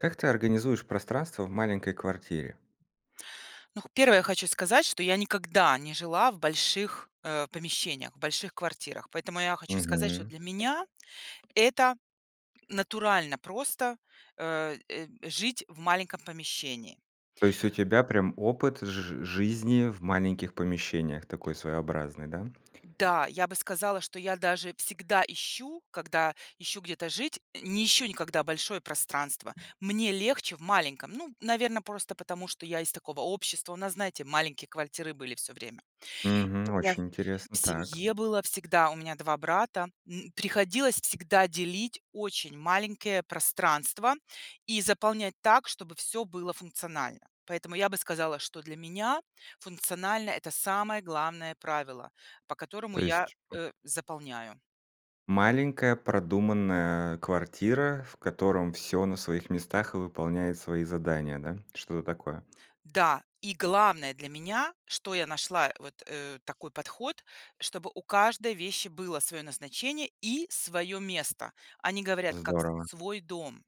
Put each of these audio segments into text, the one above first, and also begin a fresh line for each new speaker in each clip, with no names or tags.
Как ты организуешь пространство в маленькой квартире?
Ну х первое, я хочу сказать, что я никогда не жила в больших, э, помещениях, в больших квартирах. Поэтому я хочу сказать, что
Мгм.
для меня это натурально просто, э э э, жить в маленьком помещении.
То есть у тебя прям опыт жи жизни в маленьких помещениях такой своеобразный, да?
Да, я бы сказала, что я даже всегда ищу, когда ищу где-то жить, э, не ищу никогда большое пространство. Мне легче в маленьком, ну, наверно, просто потому, что я из такого общества. У нас, знаете, маленькие квартиры были всё время. И у
Мгм,
меня
очень
в
интересно. Так.
семье было всегда- у меня 2 брата- м, приходилось всегда делить очень маленькие пространства и заполнять так, чтобы всё было функционально. Поэтому я бы сказала, что для меня функционально- это самое главное правило, по которому
То
я,
есть м
э, заполняю.
Маленькая продуманная квартира, в котором всё на своих местах и выполняет свои задания, да? Что-то такое.
Да, и главное для меня, что я нашла вот, э, такой подход, чтобы у каждой вещи было свое назначение и свое место. Они говорят, как с
Здорово.
свой дом.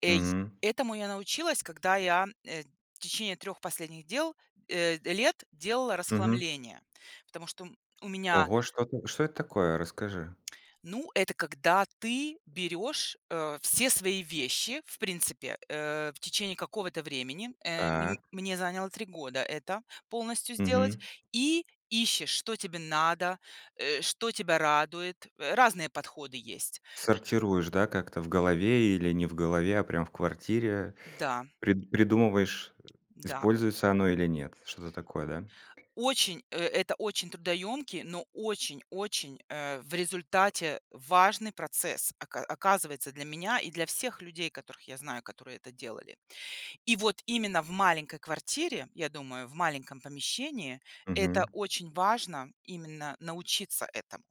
Эй
Мгм.
этому я научилась, когда я, э, в течение 3 последних дел, э, лет делала
Мгм.
расхламление. Потому что у м у меня
Ого, что-то что это такое? Расскажи.
Ну, это когда ты берешь, э, все свои вещи, в принципе, э, в течение какого-то времени- э, м
Так.
мне заняло 3 года это полностью сделать-
Мгм.
и ищешь, что тебе надо, э, что тебя радует. Э, разные подходы есть.
Сортируешь, да, как-то в голове или не в голове, а прям в квартире
Да.
при придумываешь,
Да.
используется оно или нет, что-то такое, да?
Очень, э, это очень трудоемкий, но очень-очень, э, в результате, важный процесс, ока оказывается, для меня и для всех людей, которых я знаю, которые это делали. И вот именно в маленькой квартире, я думаю, в маленьком помещении это
Мгм.
очень важно- именно научиться этому.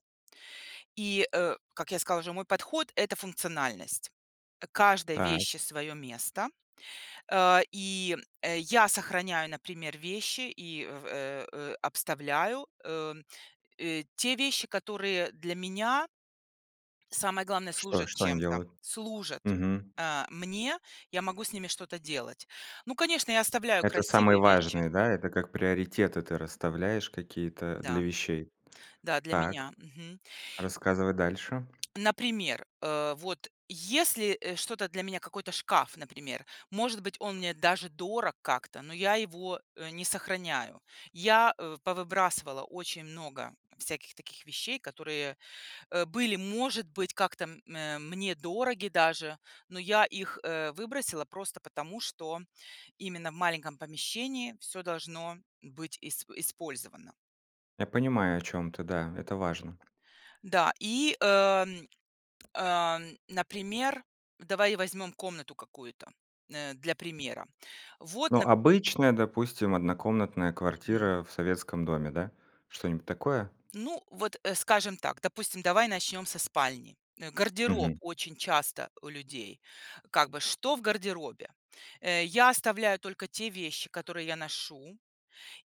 И, э, как я сказала уже, мой подход- это функциональность. Э, каждой
Так.
вещи свое место. А, и, э, я сохраняю, например, вещи и в э э, обставляю, эм, э, те вещи, которые для меня самое главное,
Что
служат
что они
чем-то,
делают?
служат,
Мгм.
а, мне. Я могу с ними что-то делать. Ну, конечно, я оставляю
Это самые
красивые вещи.
важные, да, это как приоритеты ты расставляешь какие-то для
Да,
вещей.
да, для
Так.
меня. Мгм.
Рассказывай дальше.
Например, э, вот если, э, что-то для меня, какой-то шкаф, например, может быть, он мне даже дорог как-то, но я его, э, не сохраняю. Я, э, повыбрасывала очень много всяких таких вещей, которые, э, были, может быть, как-то, м, а, мне дороги даже, но я их, э, выбросила просто потому, что именно в маленьком помещении всё должно быть исп использовано.
Я понимаю, о чём ты. Да, это важно.
Да, и, эм, ам, например, давай возьмем комнату какую-то, э, для примера. Вот,
Ну,
нап
обычная, допустим, однокомнатная
Мгм.
квартира в советском доме, да? Что-нибудь такое?
Ну вот, а, скажем так. Допустим, давай начнем со спальни. Э, гардероб
Мгм.
очень часто у людей. Как бы что в гардеробе? Э, я оставляю только те вещи, которые я ношу.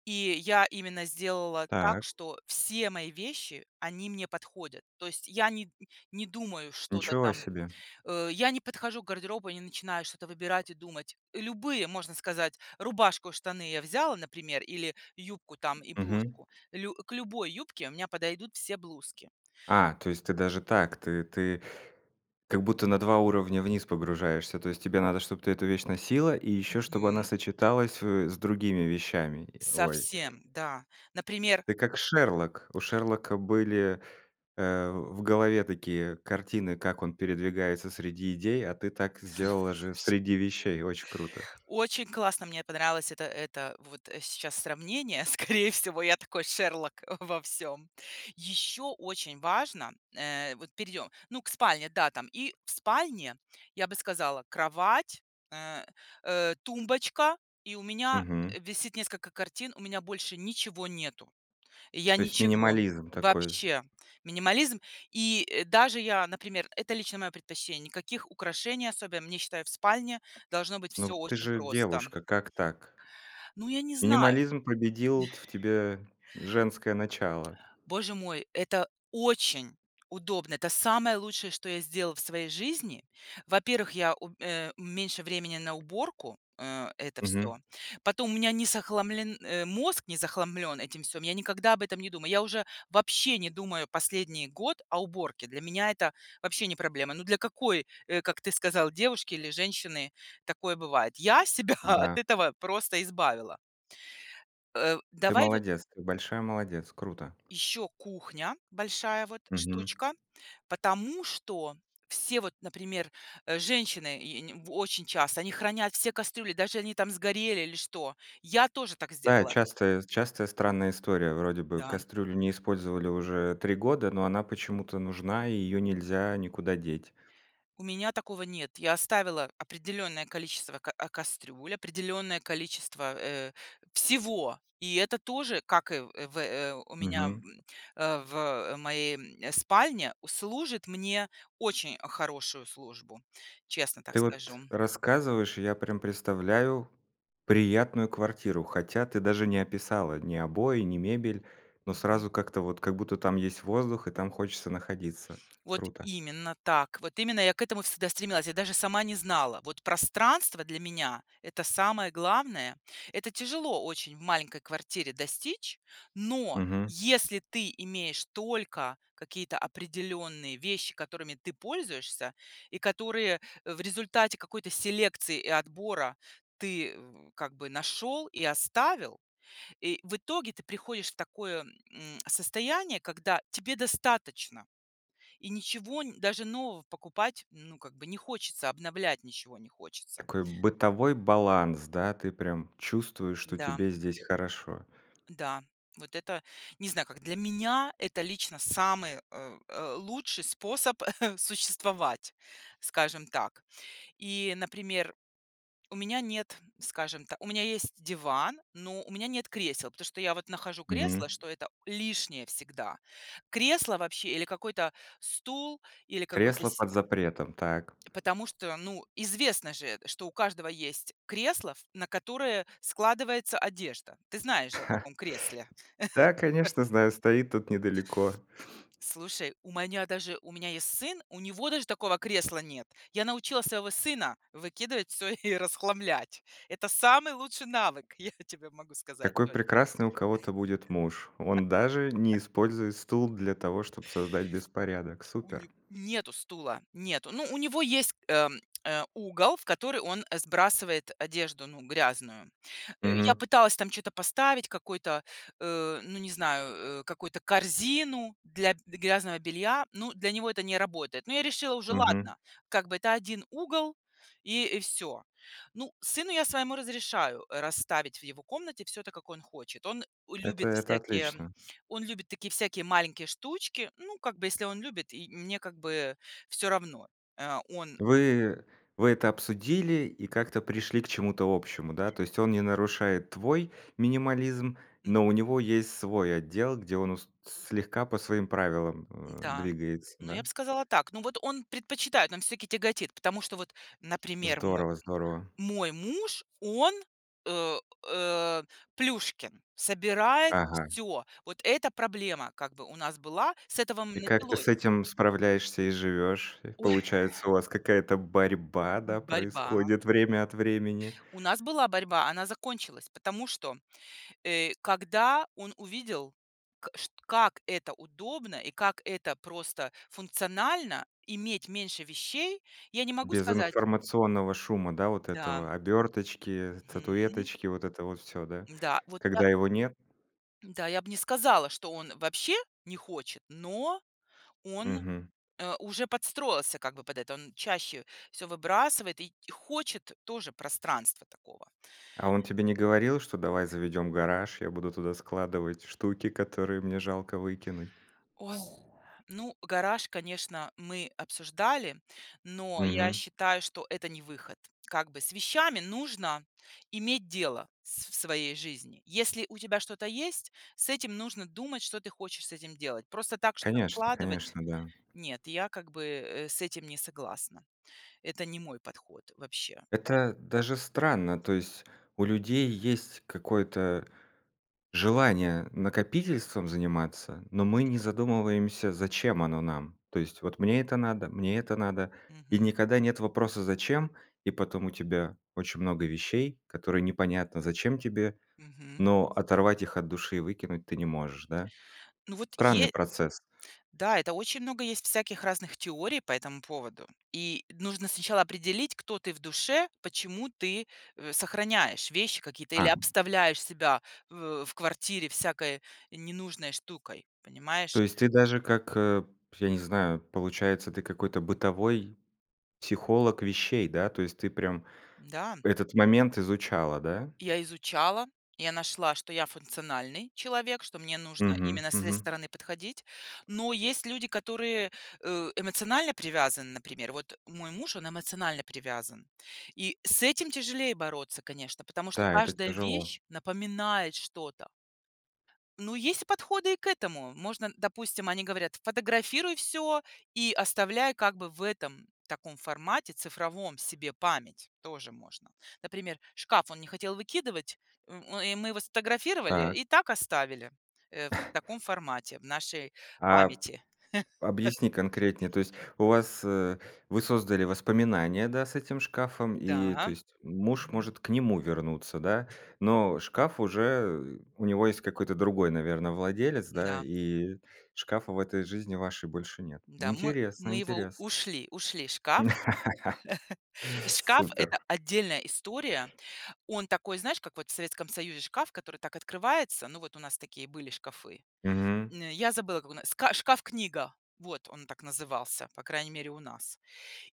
И я именно сделала так,
Так.
что все мои вещи- они мне подходят. То есть я не не думаю что-то
Ничего
там.
себе!
Э, я не подхожу к гардеробу и не начинаю что-то выбирать и думать. Любые, можно сказать, рубашку, штаны я взяла, например, или юбку там и
Мгм.
блузку. Лю к любой юбке у меня подойдут все блузки.
А, то есть ты даже так. Ты ты как будто на 2 уровня вниз погружаешься, то есть тебе надо, чтоб ты эту вещь носила, и ещё чтобы она
Мгм.
сочеталась, э, с другими вещами? Ой.
Совсем, да. Например
Ты как Шерлок. У Шерлока были, э, в в голове такие картины, как он передвигается
Слу
среди идей, а ты так сделала же
слушай
среди вещей. Очень круто.
Очень классно, мне понравилось это это вот сейчас сравнение. Скорее всего, я такой Шерлок во всём. Еще очень важно- э, вот перейдем, ну, к спальне, да, там. И в спальне, я бы сказала, кровать, э э, тумбочка, и у меня,
Мгм.
э, висит несколько картин, у меня больше ничего нету. И я
То есть
ничего.
минимализм такой.
Вообще. Минимализм. И, э, даже я, например, это лично мое предпочтение, никаких украшений особенно. Мне, считаю, в спальне должно быть
Ну
всё
ты
очень
же
просто.
девушка, как так?
Ну, я не знаю.
Минимализм победил т в тебе женское начало.
Боже мой, это очень удобно! Это самое лучшее, что я сделала в своей жизни. Во-первых, я у а, у меньше времени на уборку, а, это всё.
Мгм.
Потом у меня не захламлен, а, мозг не захламлён этим всём. Я никогда об этом не думаю. Я уже вообще не думаю последний год о уборке. Для меня это вообще не проблема. Ну для какой, э, как ты сказал, девушки или женщины такое бывает? Я себя от
Да.
этого просто избавила. Э,
Ты
давай вот
молодец! Ты большая молодец! Круто!
Еще кухня, большая вот
Мгм.
штучка. Потому что все, вот, например, э, женщины и и они в очень часто они хранят все кастрюли, даже они, там, сгорели или что. Я тоже так
Да,
сделала.
частая частая странная история. Вроде бы
Да.
кастрюлю не использовали уже 3 года, но она почему-то нужна, и ее нельзя никуда деть.
У меня такого нет. Я оставила определённое количество, ка а, кастрюль, определённое количество, э, всего. И это тоже, как и в в, э, у меня,
Мгм.
м, а, в моей, м, спальне, у служит мне очень хорошую службу. Честно так
Ты вот
скажу.
рассказываешь, и я прям представляю приятную квартиру, хотя ты даже не описала ни обои, ни мебель. Но
Мгм.
сразу как-то вот, как будто, там есть воздух, и там хочется находиться.
Вот
Круто.
именно так. Вот именно я к этому всегда стремилась, я даже сама не знала. Вот пространство для меня- это самое главное. Это тяжело очень в маленькой квартире достичь. Но
Мгм.
если ты имеешь только какие-то определенные вещи, которыми ты пользуешься, и которые в результате какой-то селекции и отбора ты в как бы нашел и оставил. И, в итоге, ты приходишь в такое, м, состояние, когда тебе достаточно. И ничего н даже нового покупать, ну, как бы не хочется, обновлять ничего не хочется.
Такой бытовой баланс, да? Ты прям чувствуешь, что
Да.
тебе здесь хорошо.
Да, вот это, не знаю, как. Для меня это лично самый, э, э, лучший способ существовать, скажем так. И, например, у меня нет, скажем та у меня есть диван, но у меня нет кресел, потому что я вот нахожу
Мгм.
кресло, что это лишнее всегда. Кресло вообще, или какой-то стул, или какой-то
Кресло
си
под запретом, так.
Потому что, ну, известно же, э, что у каждого есть кресло, в на которое складывается одежда. Ты знаешь же о таком кресле.
Да, конечно, знаю, стоит тут недалеко.
Слушай, у маня даже у меня есть сын, у него даже такого кресла нет. Я научила своего сына выкидывать всё и расхламлять. Это самый лучший навык, я тебе могу сказать
Какой
то
прекрасный у кого-то будет муж. Он даже не использует стул для того, чтоб создать беспорядок.
У
Супер!
не нету стула, нету. Ну, у него есть, эм, э, угол, в который он, э, сбрасывает одежду, ну, грязную. Э, я
Мгм.
пыталась там чё-то поставить, какой-то, э, ну, не знаю, э, какую-то корзину для д грязного белья. Ну, для него это не работает. Но я решила уже:
Мгм.
ладно как бы это 1 угол и и всё. Ну, сыну я своему разрешаю расставить в его комнате всё так, как он хочет. Он
Это
любит
это
всякие
отлично.
он любит такие всякие маленькие штучки. Ну, как бы если он любит, и мне как бы всё равно. Э, он
Вы вы это обсудили и как-то пришли к чему-то общему, да? То есть он не нарушает твой минимализм,
М.
но у него есть свой отдел, где он ус слегка по своим правилам, э,
Н-да,
двигается,
ну я б
да?
сказала так. Ну вот он предпочитает, он всё-таки тяготит. Потому что вот, например, мой
Здорово здорово.
мой муж- он э, э, Плюшкин. Собирает
Ага.
всё. Вот эта проблема как бы у нас была, с этого, м,
И как ты с
началось.
этим справляешься и живешь? Э,
Ой.
получается, у вас какая-то борьба,
М,
да,
борьба.
происходит время от времени?
У нас была борьба. Она закончилась, потому что, э, когда он увидел, к шт как это удобно и как это просто функционально- иметь меньше вещей. Я не могу
Без
сказать
информационного шума, да, вот
Да.
этого? Оберточки,
Мгм.
статуэточки, вот это вот всё, да?
Да, вот я
Когда его нет.
Да, я б не сказала, что он вообще не хочет, но он,
Мгм.
э, уже подстроился как бы под это. Он чаще всё выбрасывает и хочет тоже пространства такого.
А он тебе не говорил, что: "Давай заведем гараж, я буду туда складывать штуки, которые мне жалко выкинуть"?
Ой. Ну, гараж, конечно, мы обсуждали. Но я
Мгм.
считаю, что это не выход. Как бы с вещами нужно иметь дело в с в своей жизни. Если у тебя что-то есть, с этим нужно думать, что ты хочешь с этим делать. Просто так что-то
Конечно
складывать?
конечно, да.
Нет я как бы, э, с этим не согласна. Это не мой подход вообще.
Это даже странно, то есть у людей есть какое-то желание накопительством заниматься, но мы не
Мгм.
задумываемся, зачем оно нам. То есть вот мне это надо, мне это надо- и
Мгм.
никогда нет вопроса: зачем? И потом у тебя очень много вещей, которые непонятно, зачем тебе,
Мгм.
но оторвать их от души и выкинуть ты не можешь, да?
Ну вот
Странный
е
процесс.
Да, это очень много есть всяких разных теорий по этому поводу. И нужно сначала определить, кто ты в душе, почему ты, э, сохраняешь вещи какие-то или
А.
обставляешь себя в в квартире всякой ненужной штукой,
То
понимаешь?
есть ты даже как, а, п я не знаю, получается, ты какой-то бытовой психолог вещей, да? То есть ты прям
Да.
этот момент изучала, да?
Я изучала. Я нашла, что я- функциональный человек, что мне нужно
Мгм,
именно с этой
мгм.
стороны подходить. Но есть люди, которые, э, эмоционально привязаны, например. Вот мой муж- он эмоционально привязан. И с этим тяжелее бороться, конечно, потому что
Да, это
каждая
тяжело.
вещь напоминает что-то. Ну, есть и подходы и к этому. Можно, допустим, они говорят: фотографируй всё и оставляй как бы в этом, таком формате цифровом себе память. Тоже можно. Например, шкаф он не хотел выкидывать, у и мы его сфотографировали,
Так.
и так оставили, э, в таком формате в нашей
А
памяти.
объясни конкретнее. То есть у вас, э, вы создали воспоминания, да, с этим шкафом? И
Да.
то есть муж
Мгм.
может к нему вернуться, да? Но шкаф уже, э, у него есть какой-то другой, наверно, владелец, да,
М-да.
и шкафа в этой жизни вашей больше нет.
Да. Мы
Интересно
мы его у
интересно.
ушли ушли. Шкаф шкаф— это
Супер.
отдельная история. Он такой, знаешь, как вот в Советском Союзе шкаф, который так открывается, ну, вот у нас такие были шкафы.
Мгм.
М, я забыла, как у нас ска шкаф-книга. Вот, он так назывался, по крайней мере, у нас.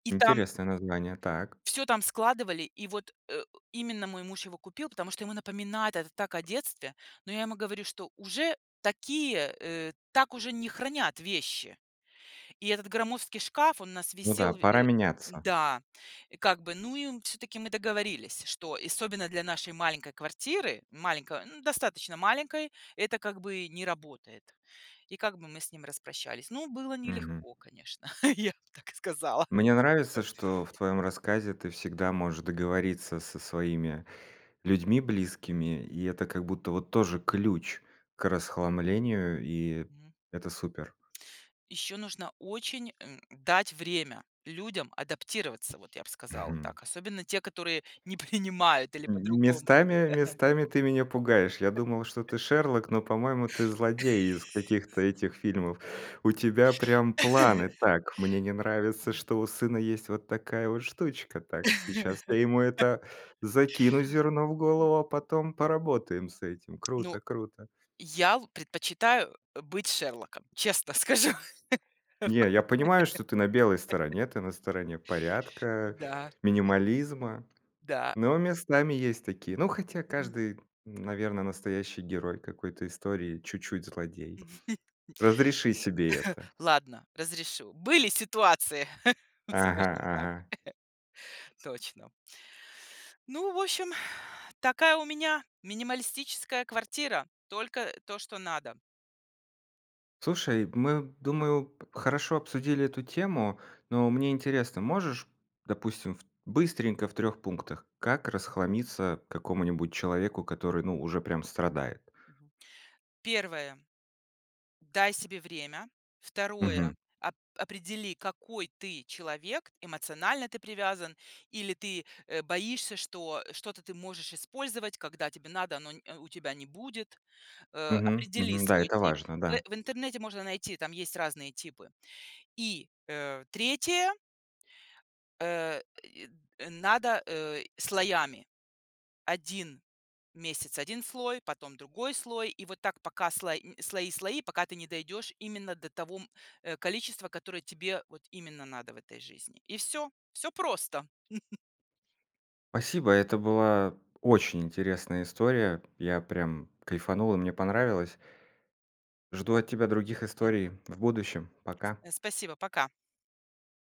И там
Интересное название, так.
всё там складывали. И вот, э, именно мой муж его купил, потому что ему напоминает это так о детстве. Но я ему говорю, что уже такие, э, так уже не хранят вещи. И этот громоздкий шкаф, он у нас
Ну да,
висел в
пора
э
меняться.
Да. И как бы, ну, и мы, всё-таки, мы договорились, что, особенно для нашей маленькой квартиры, маленькой, ну, достаточно маленькой, это как бы не работает. И как бы мы с ним распрощались. Ну, было
Мгм.
нелегко, конечно, я бы так сказала.
Мне нравится, что в твоем рассказе ты всегда можешь договориться со своими людьми
М.
близкими, и это, как будто, вот тоже ключ к расхламлению. И
Мгм.
это супер.
Еще нужно очень, эм, дать время людям адаптироваться, вот я бы сказала
Мгм.
так. Особенно те, которые не принимают, или
М
по-другому. [unintelligible]
местами местами ты меня пугаешь. Я думал, что ты- Шерлок, но, по-моему, ты- злодей из каких-то этих фильмов. У тебя прям планы: "Так, мне не нравится,
М.
что у сына есть вот такая вот штучка. Так, сейчас я ему, это, закину зерно в
М
голову, а
м.
потом поработаем с этим".
Ну,
Круто круто.
я л предпочитаю, э, быть Шерлоком, честно скажу.
Не, я понимаю, что ты на белой стороне, ты на стороне порядка,
Да.
минимализма,
Да.
но местами есть такие. Ну, хотя каждый, наверно, настоящий герой какой-то истории чуть-чуть злодей.
Э.
Разреши себе это!
Ладно, разрешу. Были ситуации,
Ага
скажем так.
ага.
Точно. Ну, в общем, такая у меня минималистическая квартира. Только то, что надо.
Слушай, мы, думаю, п хорошо обсудили эту тему, но мне интересно: можешь, допустим, в быстренько, в 3 пунктах, как расхламиться какому-нибудь человеку, который, ну, уже прям страдает?
Мгм. 1 - дай себе время. 2 -
Мгм.
оп определи, какой ты человек. Эмоционально ты привязан или ты, а, боишься, что что-то ты можешь использовать, когда тебе надо, но н у тебя не будет. Э,
Мгм
определи
мгм. Да,
свой
это
тип.
важно,
В
да.
в интернете можно найти, там есть разные типы. И, э, 3 э, и надо, э, слоями: 1 месяц- 1 слой, потом другой слой, и вот так, пока сло нь слои слои, пока ты не дойдешь именно до того, м, э, количества, которое тебе вот именно надо в этой жизни. И всё. Всё просто.
Спасибо. Это была очень интересная история, я прям кайфанул и мне понравилось. Жду от тебя других
М.
историй в будущем, пока!
Э, спасибо. Пока.